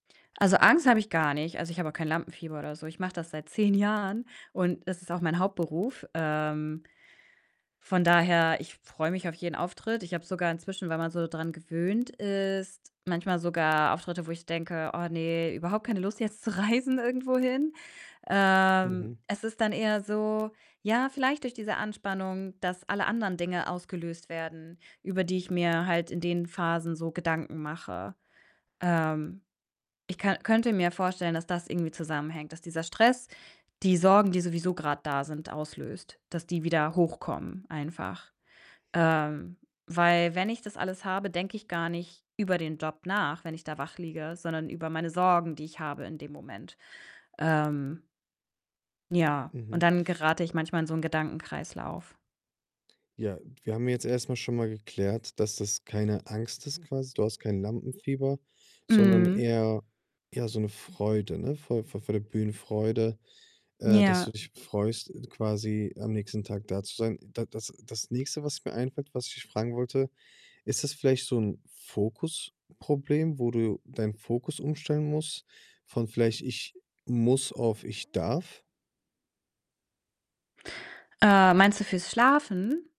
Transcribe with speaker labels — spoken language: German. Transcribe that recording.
Speaker 1: Also, Angst habe ich gar nicht. Also, ich habe auch kein Lampenfieber oder so. Ich mache das seit 10 Jahren und es ist auch mein Hauptberuf. Ähm, von daher, ich freue mich auf jeden Auftritt. Ich habe sogar inzwischen, weil man so dran gewöhnt ist, manchmal sogar Auftritte, wo ich denke: „Oh ne, überhaupt keine Lust, jetzt zu reisen irgendwohin." Ähm,
Speaker 2: Mhm.
Speaker 1: es ist dann eher so ja, vielleicht durch diese Anspannung, dass alle anderen Dinge ausgelöst werden, über die ich mir halt in den Phasen so Gedanken mache. Ähm, ich ka könnte mir vorstellen, dass das irgendwie zusammenhängt, dass dieser Stress die Sorgen, die sowieso grad da sind, auslöst, dass die wieder hochkommen einfach. Ähm, weil wenn ich das alles habe, denke ich gar nicht über den Job nach, wenn ich da wach liege, sondern über meine Sorgen, die ich habe in dem Moment. Ähm ja,
Speaker 2: Mhm.
Speaker 1: und dann gerate ich manchmal in so 'n Gedankenkreislauf.
Speaker 2: Ja, wir haben jetzt erst mal schon mal geklärt, dass das keine Angst ist quasi. Du hast kein Lampenfieber, sondern
Speaker 1: Mhm.
Speaker 2: eher ja, so 'ne Freude, ne? Vor vor der Bühnenfreude, äh, dass du
Speaker 1: Ja.
Speaker 2: dich freust, quasi am nächsten Tag da zu sein. Da das das Nächste, was mir einfällt, was ich dich fragen wollte: „Ist das vielleicht so 'n Fokusproblem“, wo du deinen Fokus umstellen musst von vielleicht: „Ich muss“ auf: „Ich darf“?
Speaker 1: Äh, meinst du fürs Schlafen?